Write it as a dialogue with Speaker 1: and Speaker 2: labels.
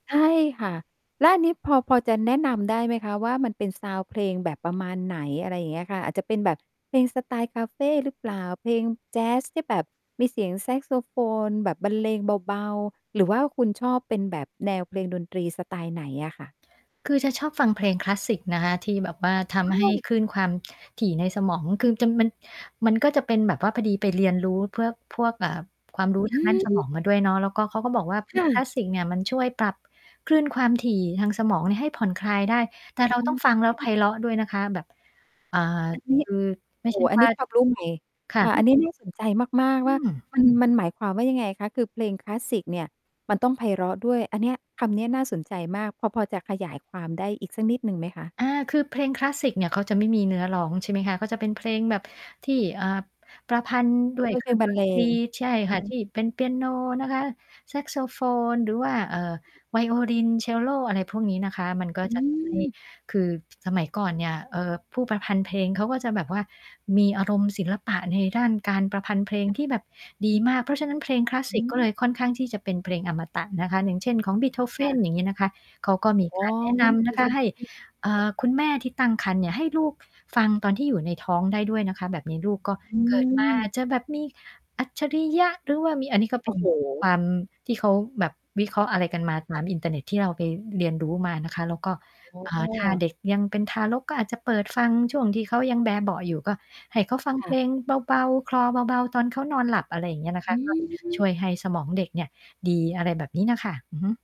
Speaker 1: ใช่ค่ะ แล้วอันนี้พอ พอจะแนะนำได้ไหมคะว่า มันเป็น ซาวนด์ เพลงแบบประมาณไหน? อะไรเงี้ยค่ะ อาจจะเป็นแบบเพลงสไตล์คาเฟหรือเปล่า? เพลงแจ๊สที่แบบมีเสียงแซ็กโซโฟนแบบบรรเลงเบา ๆ หรือว่าคุณชอบเป็นแบบแนวเพลงดนตรีสไตล์ไหนอะค่ะ?
Speaker 2: คือจะชอบฟังเพลงคลาสสิกนะคะที่แบบว่าท
Speaker 1: อ้
Speaker 2: ำให
Speaker 1: า
Speaker 2: ้
Speaker 1: ว
Speaker 2: คลื่นความถี่ในสมอง คือ จะ มัน มันก็จะเป็นแบบว่าพอดีไปเรียนรู้เพื่อ พวก อ่า ความรู้
Speaker 1: อ
Speaker 2: ทา
Speaker 1: ื
Speaker 2: งด้านสม
Speaker 1: ม
Speaker 2: องมาด้วยเนาะ แล้วก็ เขาก็บอกว่า
Speaker 1: ค่
Speaker 2: คลา
Speaker 1: ะ
Speaker 2: สสิกเนี่ยมันช่วยปรับคลื่นความถี่ทางสมองเนี่ยให้ผ่อนคลายได้ แต่เ
Speaker 1: อ
Speaker 2: ร
Speaker 1: ๋
Speaker 2: าต้องฟังแล้วไพ
Speaker 1: อ
Speaker 2: เราะด้วยนะคะ แบบ อ่า
Speaker 1: อันนี้
Speaker 2: คือไม่
Speaker 1: โอ
Speaker 2: ใช
Speaker 1: ้
Speaker 2: ่
Speaker 1: อัน
Speaker 2: ว
Speaker 1: น
Speaker 2: ่
Speaker 1: ี
Speaker 2: า
Speaker 1: ้ ความรู้ ใหม่
Speaker 2: ค่ะ
Speaker 1: ค่ะ อันนี้ น่าสนใจ มาก
Speaker 2: อ
Speaker 1: ๆ
Speaker 2: ื
Speaker 1: ว่า
Speaker 2: ม
Speaker 1: มัน มันหมายความว่า ยังไงคะ? คือเพลงคลาสสิกเนี่ยมันต้องไพเราะด้วย อันเนี้ย คำเนี้ยน่าสนใจมาก พอ พอจะขยายความได้อีกสักนิด หนึ่งไหมคะ?
Speaker 2: อา คือเพลงคลาสสิกเนี่ยเขาจะไม่มีเนื้อร้อง ใช่ไหมคะ เขาจะเป็นเพลงแบบที่ เอ่อ ประพันธ์ด้
Speaker 1: อ๋
Speaker 2: ว
Speaker 1: อ
Speaker 2: ย
Speaker 1: เป็
Speaker 2: เ
Speaker 1: น
Speaker 2: ค
Speaker 1: เ
Speaker 2: ร
Speaker 1: พ
Speaker 2: ื่
Speaker 1: ล
Speaker 2: อ
Speaker 1: ง
Speaker 2: ง
Speaker 1: บ
Speaker 2: ด
Speaker 1: รรเ
Speaker 2: น
Speaker 1: ล
Speaker 2: ตร
Speaker 1: ง
Speaker 2: ี ใช่
Speaker 1: อือ
Speaker 2: ค่
Speaker 1: ฮ
Speaker 2: ะ ท
Speaker 1: ึ
Speaker 2: ี่เป็นเปียโนนะคะ แซ็กโซโฟน หรือว่า เอ่อ ไวโอลิน เชลโล อะไรพวกนี้นะคะ มันก็
Speaker 1: อื
Speaker 2: จะทำให้
Speaker 1: ม
Speaker 2: คือสมัยก่อนเนี่ย เอ่อ ผู้ประพันธ์เพลงเขาก็จะแบบว่ามีอารมณ์ศิลปะในด้านการประพันธ์เพลงที่แบบดีมาก เพราะฉะนั้น เพลงคลาสส
Speaker 1: อ
Speaker 2: ิ
Speaker 1: ื
Speaker 2: กก็เ
Speaker 1: ม
Speaker 2: ลยค่อนข้างที่จะเป็นเพลงอมตะนะคะ อย่างเช่น ของ
Speaker 1: ค่
Speaker 2: Beethoven
Speaker 1: ะ
Speaker 2: อย่างงี้นะคะ เขาก็มี
Speaker 1: อ๋
Speaker 2: ก
Speaker 1: อ
Speaker 2: ารแนะนำ
Speaker 1: ม
Speaker 2: น
Speaker 1: ี
Speaker 2: ะคะ
Speaker 1: ส
Speaker 2: ใ
Speaker 1: ม
Speaker 2: ห้
Speaker 1: าธิ
Speaker 2: อ่
Speaker 1: ค่ะ
Speaker 2: า คุณแม่ที่ตั้งครรภ์เนี่ย ให้ลูก ฟ ฟังตอนที่อยู่ในท้องได้ด้วยนะคะ แบบนี้ลูกก็
Speaker 1: อื
Speaker 2: เกิดมา อา
Speaker 1: ม
Speaker 2: จจะแบบมีอัจฉริยะ หรือว่ามี อันนี้ก็
Speaker 1: โ
Speaker 2: เ
Speaker 1: อ
Speaker 2: ป็
Speaker 1: ้
Speaker 2: น
Speaker 1: โ
Speaker 2: ค
Speaker 1: ฮ
Speaker 2: วามที่เขาแบบวิเคราะห์อะไรกันมาต
Speaker 1: ค่
Speaker 2: า
Speaker 1: ะ
Speaker 2: มอินเทอร์เน็ตที่เราไปเรียนรู้มานะคะ แล้วก็
Speaker 1: อ๋
Speaker 2: อ่า ถ้า
Speaker 1: อ
Speaker 2: เด็กยังเป็นทารกก็อาจจะเปิดฟังช่วงที่เขายังแบเบาะอยู่ ก็ให้เขาฟัง
Speaker 1: ค
Speaker 2: เพ
Speaker 1: ่
Speaker 2: ล
Speaker 1: ะ
Speaker 2: งเบา ๆ คลอเบา ๆ ตอนเขานอนหลับ อะไรอย่างเงี้ยนะค
Speaker 1: อ
Speaker 2: ะ
Speaker 1: ื
Speaker 2: ก็ ช
Speaker 1: ม
Speaker 2: ่วยให้สมองเด็กเนี่ยดี อะไรแบบนี้น่ะค่ะ อือฮึ